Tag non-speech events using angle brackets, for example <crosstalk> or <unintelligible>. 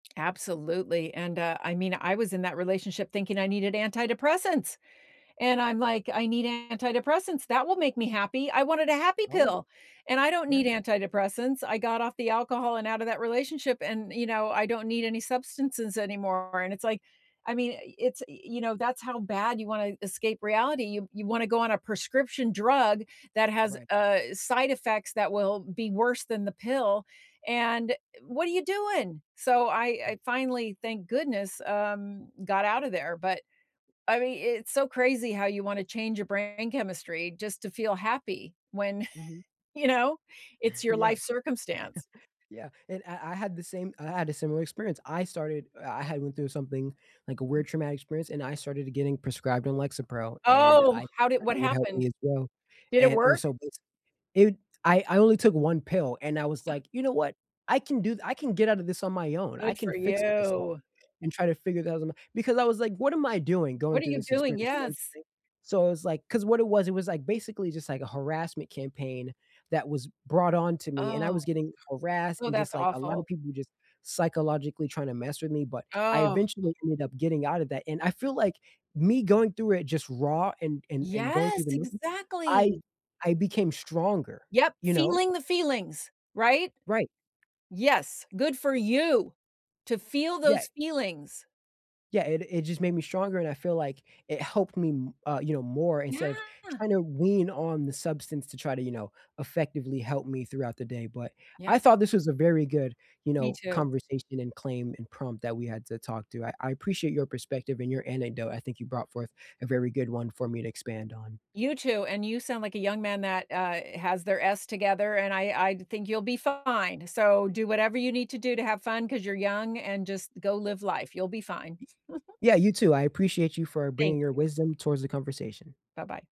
Absolutely, and, uh I mean, I was in that relationship thinking I needed antidepressants, and I'm, like, "I need antidepressants, that will make me happy." I wanted a happy Oh. pill, and I don't Yeah. need antidepressants, I got off the alcohol and out of that relationship, and, you know, I don't need any substances anymore, and it's, like I mean, it's, you know, that's how bad you wanna escape reality, you you wanna go on a prescription drug that has, Right. uh, side effects that will be worse than the pill, and what are you doing? So I Right. I finally, thank goodness, um, got out of there, but, I mean, it's so crazy how you wanna change your brain chemistry just to feel happy when, Mhm. you know, it's your <chuckles> Yeah. life <chuckles> circumstance. Yeah, and I I had the same I had a similar experience. I started I had went through something, like, a weird traumatic experience, and I started getting prescribed on Lexapro, and I Oh, how did thought what it would help me happened? as well, Did it and it was work? so, it I I only took 1 pill, and I was like, "You know what, I can do I can get out of this on my own, I Good can for fix myself you. and try to figure that out", because I was like, "What am I doing What going are through you this doing? experience?", you know what I'm Yes. saying? So it's, like, 'cause what it was it was, like, basically just, like, a harassment campaign that was brought on to me, and I Oh. was getting harassed Oh, and just, that's like, a lotta awful. people just psychologically trying to mess with me, but I Oh. eventually ended up getting out of that, and I feel like me going through it just raw and and and going Yes, through the <unintelligible> I exactly. I became stronger, Yep, you know. feeling the feelings, right? Right, Yes, good for you to feel Yeah. those feelings. Yeah, it it just made me stronger, and I feel, like, it helped me m uh, you know, more instead of Yeah. trying to wean on the substance to try to, you know, effectively help me throughout the day, but, Yeah. I thought this was a very good, you Me know, too. conversation and claim and prompt that we had to talk to. I I appreciate your perspective and your anecdote, I think you brought forth a very good one for me to expand on. You too, and you sound, like a young man that, uh, has their s together, and I I think you'll be fine, so do whatever you need to do to have fun 'cause you're young and just go live life, you'll be fine. Y <chuckles> yeah, you too. I appreciate you for bringing Thank your you. wisdom towards the conversation. Bye-bye.